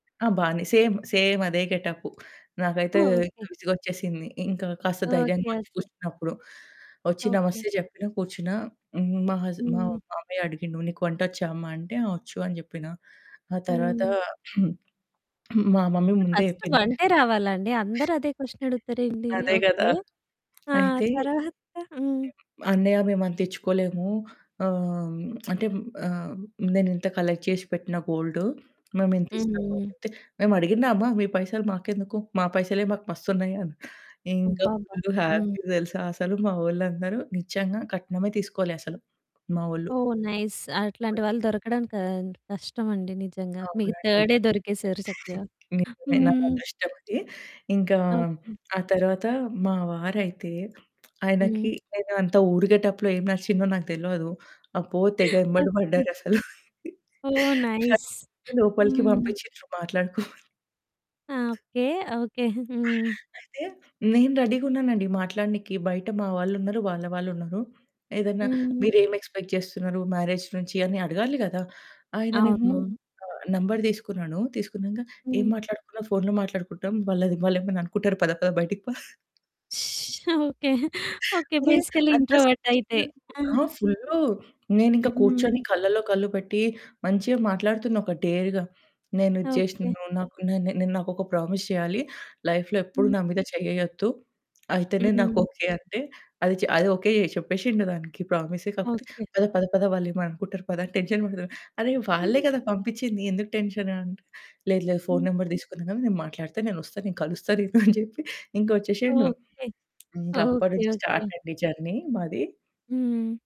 ఆ! బానే సేమ్ సేమదే గెటప్పు. నాకైతే ఓకే. విసుగొచ్చేసింది. ఇంకా కాస్త ఓకే. ధైర్యంగొచ్చి ఓకే. కూర్చున్నప్పుడు ఒచ్చి ఓకే. నమస్తే జెప్పిన కూర్చున్నా. హ్మ్. మా హస్ మా హ్మ్. మామయ్య అడిగిండు నీకు వంటొచ్చా అమ్మ అంటే, ఆ ఒచ్చు అని జెప్పిన. ఆ తర్వాత హ్మ్. మా మమ్మీ ముందే ఫస్టు జేప్పింది. వంటే రావాలా అండి? అందరూ అదే క్వషన్ అడుగుతారెంటి? అదే గదా! ఓకే. ఆ! అయితే హ్మ్. తర్వాత హ్మ్. "అన్నయ్య మేమంతిచ్చుకోలేము ఆహ్, అంటే ఆహ్, నేనింత కలెక్ట్ చేసి పెట్టిన గోల్డు. మేమింతిస్తము." హ్మ్. అనంటే, "మేమడిగిన్నామా మీ పైసలు మాకెందుకు? మా పైసలే మాకు మస్తున్నయి" అని. ఇంకా అబ్బబ్బా! ఫుల్లు హ్మ్. హ్యాపీ తెలుసా అసలు మావొళ్ళందరూ. నిజంగా కట్నమే తీసుకోలే అసలు, మావొళ్ళు. ఓహ్! నైస్ [unintelligible] అట్లాంటి వాళ్ళు దొరకడం క కష్టమండి నిజంగా. మీకు అవునండి. థర్డే దొరికేసారు చక్కగా. నిజమే. నా హ్మ్. అదృష్టమది. ఇంకా ఓకే. ఆ తరవాత మా వారయితే ఆయనకి హ్మ్. నేనంత ఊరు గేటప్పులో ఏం నచ్చిందో నాకు తెలవదు. అబ్బో! తెగ ఎంబడ ఓకే. పడ్డారసలు. ఓహ్! నైస్. నన్ను లోపలికి హ్మ్. పంపిచ్చిన్రు మాట్లాడుకోమని. ఆ! ఓకే. ఓకే. హ్మ్. అయితే నేను రెడీ‌గున్నానండి మాట్లాడినీకి. బయట మా వాళ్ళున్నరు, వాళ్ళ వాళ్ళున్నరు. ఏదన్నా హ్మ్. మీరేమి ఎక్స్పెక్ట్ జేస్తున్నారు మ్యారేజ్ నుంచి అని అడగాలి గదా! ఆయననేమో అవునవును. ఆ నంబరు తీసుకున్నాను. తీసుకున్నంక ఏం హ్మ్. మాట్లాడుకున్నా ఫోనులో మాట్లాడుకుంటాం, వాళ్ళది వాళ్ళేమైనా అనుకుంటారు. పద పద బయటికి పా ఓకే. ఓకే. అరే! బేసికల్లీ అంత ఇంట్రోవర్ట్ అయితే సిగ్గెందుకు ఆ! ఆ! ఫుల్లు. నేనింకా కూర్చొని హ్మ్. కళ్ళలో కళ్ళు పెట్టి మంచిగా మాట్లాడుతున్న ఒక డేర్‌గా. నేను ఇది ఓకే. జేశినను. నాకు నె నె నాకొక ప్రామిస్ చేయాలి లైఫ్‌లో ఎప్పుడూ హ్మ్. నా మీద చేయ్యేయొద్దు. అయితేనే నాకు హ్మ్. ఓకే అంటే. అది చ అది ఓకే చెప్పేశిండు దానికి. ప్రామిస్సే. కాకపోతే ఓకే. పద పద పద వాళ్ళేమన్నా అనుకుంటారు పద అని టెన్షన్ పడతడు. అరె వాళ్ళే కదా! పంపిచ్చింది ఎందుకు టెన్షన్ అంటె, లేదు లేదు ఫోన్ హ్మ్. నంబర్ తీసుకున్నా గదా! నేను మాట్లాడత, నేనొస్తా, నేను కలుస్తా నిన్ను అని జెప్పి ఇంకా ఒచ్చేశిండు. ఓకే. ఇంకా ఓకే. అప్పట్నుంచి ఓకే. స్టార్ట్ అండి జర్నీ మాది. హ్మ్.